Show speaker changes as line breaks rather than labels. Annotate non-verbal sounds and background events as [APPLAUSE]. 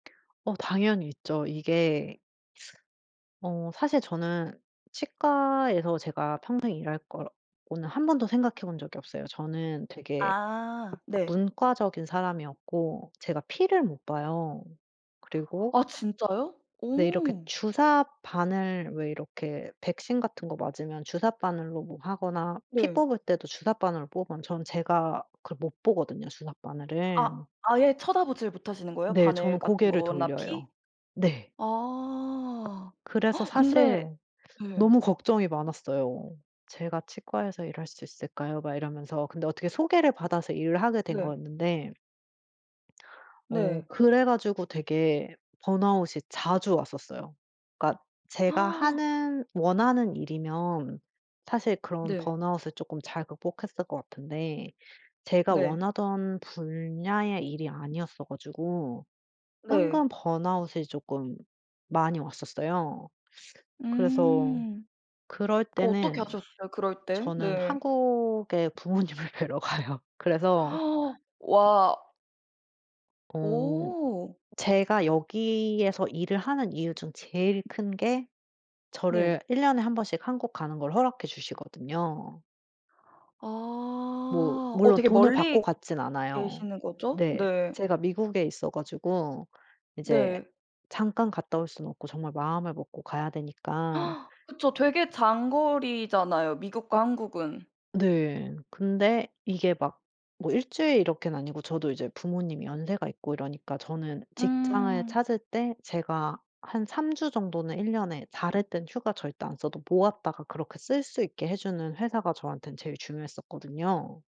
어 당연히 있죠. 이게 어 사실 저는 치과에서 제가 평생 일할 거 고는 1 번도 생각해 본 적이 없어요. 저는 되게
아 네.
문과적인 사람이었고 제가 피를 못 봐요. 그리고
아 진짜요?
네 이렇게
오.
주삿바늘 왜 이렇게 백신 같은 거 맞으면 주삿바늘로 뭐 하거나 피
네.
뽑을 때도 주삿바늘로 뽑으면 저는 제가 그걸 못 보거든요,
아.
주삿바늘을.
아예 쳐다보질 못하시는 거예요?
네 저는
바늘 같은
고개를
거나 피?
돌려요. 네.
아.
그래서
[GASPS]
사실
근데 네.
너무 걱정이 많았어요. "제가 치과에서 일할 수 있을까요." 막 이러면서. 근데 어떻게 소개를 받아서 일을 하게 된
네.
거였는데 어
네.
그래 가지고 되게 번아웃이 자주 왔었어요. 그니까 제가
[GASPS]
하는 원하는 일이면 사실 그런
네.
번아웃을 쪼끔 잘 극복했을 것 같은데 제가
네.
원하던 분야의 일이 아니었어 가지고
네.
은근 번아웃이 쪼끔 많이 왔었어요. 그래서
음.
그럴
어떻게
때는
하셨어요? 그럴 때.
저는
네.
한국의 부모님을 뵈러 가요. 그래서
[GASPS] 와.
어
오.
제가 여기에서 일을 하는 이유 중 제일 큰 게 저를
네.
1 년에 1 번씩 한국 가는 걸 허락해 주시거든요. 뭐
아. 어
물론
되게
돈을 받고
멀리
갔진 않아요.
계시는 거죠?
네.
네.
제가 미국에 있어 가지고 이제
네.
잠깐 갔다 올 순 없고 정말 마음을 먹고 가야 되니까
[GASPS] 그쵸. 되게 장거리잖아요, 미국과 한국은.
네. 근데 이게 막 뭐 1 주일 이렇게는 아니고 저도 이제 부모님이 연세가 있고 이러니까 저는 직장을
음.
찾을 때 제가 한 3 주 정도는 1 년에 다를 땐 휴가 절대 안 써도 모았다가 그렇게 쓸 수 있게 해 주는 회사가 저한텐 제일 중요했었거든요.